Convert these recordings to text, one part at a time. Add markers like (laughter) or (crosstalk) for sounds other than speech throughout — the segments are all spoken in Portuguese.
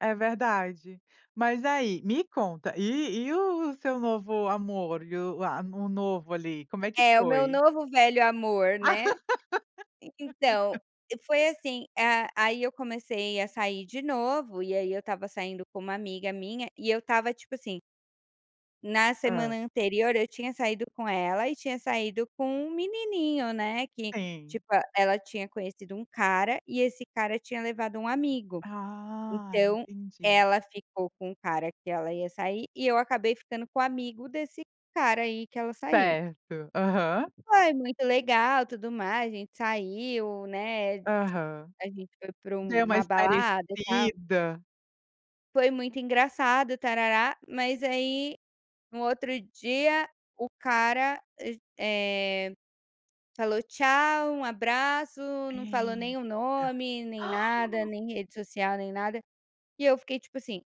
É verdade. Mas aí, me conta, e e o o seu novo amor? E o a o novo ali, como é que É o meu foi? novo velho amor, né. En então, foi (laughs) assim, a aí eu comecei a sair de novo, e aí eu estava saindo com uma amiga minha, e eu estava tipo assim na semana Hã. anterior eu tinha saído com ela e tinha saído com um menininho, né, que Sim. tipo, ah, ela tinha conhecido um cara e esse cara tinha levado um amigo, Ah, então entendi. ela ficou com o cara que ela ia sair e eu acabei ficando com o amigo desse cara aí que ela saiu. Certo, uhum. Foi muito legal tudo mais. A gente saiu, né, Aham. a gente foi para Deu uma uma balada e tal. espairecida. Foi muito engraçado, tarará. Mas aí no outro dia o cara, eh eh, falou tchau, um abraço, não falou nem o Eita. nome, nem nada, (gasps) nem rede social, nem nada. E eu fiquei tipo assim: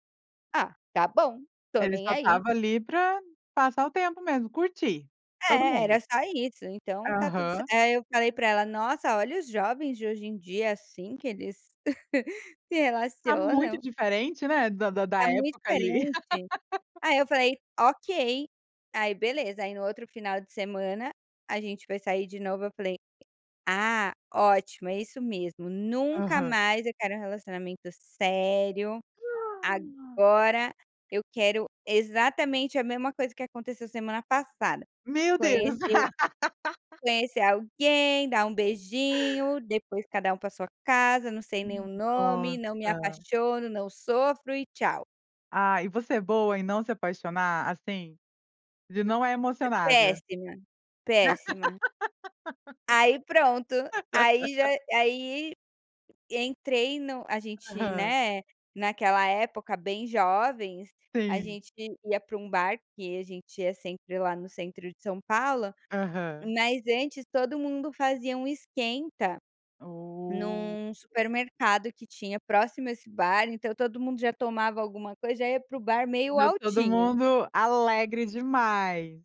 "Ah tá bom, estou Ele nem só aí". estava ali para, passar o tempo mesmo, curtir, todo É, era mundo. só isso, então tá tudo cer Aham. aí eu falei para ela nossa olha os jovens de hoje em dia assim que eles (chuckles) se Tá muito relacionam. diferente, né, da da da Tá muito época ali. diferente. (laughs) Aí eu falei, ok. Aí beleza, aí no outro final de semana a gente foi sair de novo, eu falei: "Ah, ótimo, é isso mesmo, nunca Aham. mais eu quero relacionamento sério. Ah! Agora eu quero exatamente a mesma coisa que aconteceu semana passada, Meu Deus. conhecer (laughs) conhecer alguém, dar um beijinho, depois cada um para sua casa, não sei nem M o nome, nossa. não me apaixono, não sofro e tchau." Ah, e você é boa em não se apaixonar, assim, de não é E emocionada? péssima, péssima. Aí pronto, aí já (laughs) aí entrei no a gente, Aham. né, naquela época bem jovens, a Sim. gente ia para um bar que a gente ia sempre lá no centro de São Paulo, Aham. mas antes todo mundo fazia um esquenta Oh! num supermercado que tinha próximo a esse bar. Então todo mundo já tomava alguma coisa, já ia para o bar meio Já todo altinho. mundo alegre demais.